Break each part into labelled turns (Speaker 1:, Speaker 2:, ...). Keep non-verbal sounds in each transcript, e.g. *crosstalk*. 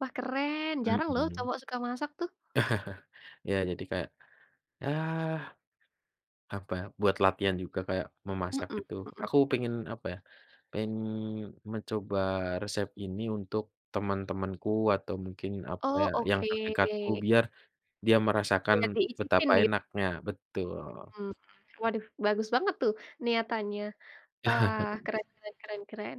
Speaker 1: Wah keren, jarang loh,
Speaker 2: Mhm.
Speaker 1: cowok suka masak tuh.
Speaker 2: *chuckles* Ya, jadi kayak, yah, apa buat latihan juga kayak, memasak
Speaker 1: Mhm
Speaker 2: itu
Speaker 1: mhm.
Speaker 2: aku pengen, apa ya, pengen mencoba resep ini untuk teman-temanku atau mungkin, apa
Speaker 1: Oh,
Speaker 2: ya, yang
Speaker 1: oke.
Speaker 2: terdekatku. Biar, dia merasakan
Speaker 1: Biar diicipin
Speaker 2: betapa
Speaker 1: nih?
Speaker 2: enaknya betul.
Speaker 1: Mmm, waduh, bagus banget tuh, niatannya, eee,
Speaker 2: *chuckles*
Speaker 1: keren keren keren keren.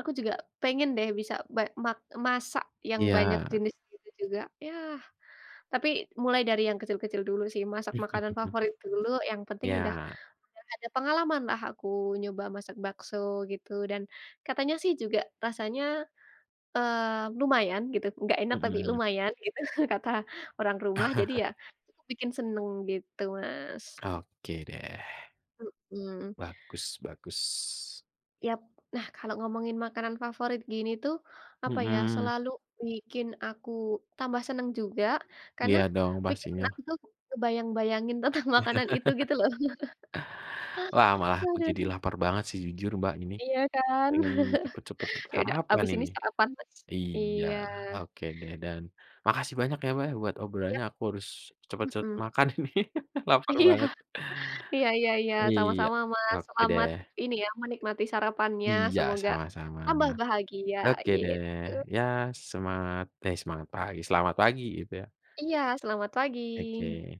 Speaker 1: Aku juga, pengen deh, bisa be mak masak yang banyak
Speaker 2: Iya.
Speaker 1: jenis gitu juga. Yah, tapi mulai dari yang kecil-kecil dulu sih, masak makanan
Speaker 2: *chuckles*
Speaker 1: favorit dulu yang penting udah
Speaker 2: Iya.
Speaker 1: udah ada pengalaman lah aku nyoba masak bakso gitu, dan katanya sih, juga rasanya, eee, lumayan gitu, nggak enak tapi
Speaker 2: Mhm.
Speaker 1: lumayan gitu kata orang rumah. Jadi
Speaker 2: *chuckles*
Speaker 1: ya, itu bikin senang, gitu Mas.
Speaker 2: Oke, deh.
Speaker 1: Mhm.
Speaker 2: Bagus bagus.
Speaker 1: Yap. Nah, kalau ngomongin makanan favorit gini tuh, apa ya,
Speaker 2: Mhm.
Speaker 1: selalu bikin aku tambah senang juga. Karena,
Speaker 2: Iya dong,
Speaker 1: pikiran
Speaker 2: pastinya.
Speaker 1: aku tuh, ngebayang-bayangin tentang makanan itu gitu, loh.
Speaker 2: *laughs* Lah,
Speaker 1: *laughs*
Speaker 2: malah aku jadi
Speaker 1: Aduh.
Speaker 2: lapar banget sih, jujur Mbak ini.
Speaker 1: Iya kan?
Speaker 2: Pengen, cepat-cepat
Speaker 1: *chuckles* Ya udah,
Speaker 2: sarapan
Speaker 1: abis ini
Speaker 2: ini.
Speaker 1: sarapan Mas.
Speaker 2: Iya,
Speaker 1: Iya.
Speaker 2: oke deh, dan, makasih banyak ya Mbak, ya buat
Speaker 1: Ya.
Speaker 2: obrolannya, aku harus cepat-cepat
Speaker 1: Mhm.
Speaker 2: makan ini *laughs* lapar
Speaker 1: Iya,
Speaker 2: banget.
Speaker 1: iya iya iya,
Speaker 2: Iya,
Speaker 1: sama-sama Mas,
Speaker 2: oke
Speaker 1: selamat,
Speaker 2: deh.
Speaker 1: ini ya, menikmati sarapannya,
Speaker 2: Iya
Speaker 1: semoga,
Speaker 2: sama-sama.
Speaker 1: tambah bahagia,
Speaker 2: Oke deh,
Speaker 1: gitu.
Speaker 2: ya semangat eh semangat pagi selamat pagi, gitu ya.
Speaker 1: Iya, selamat pagi.
Speaker 2: Oke.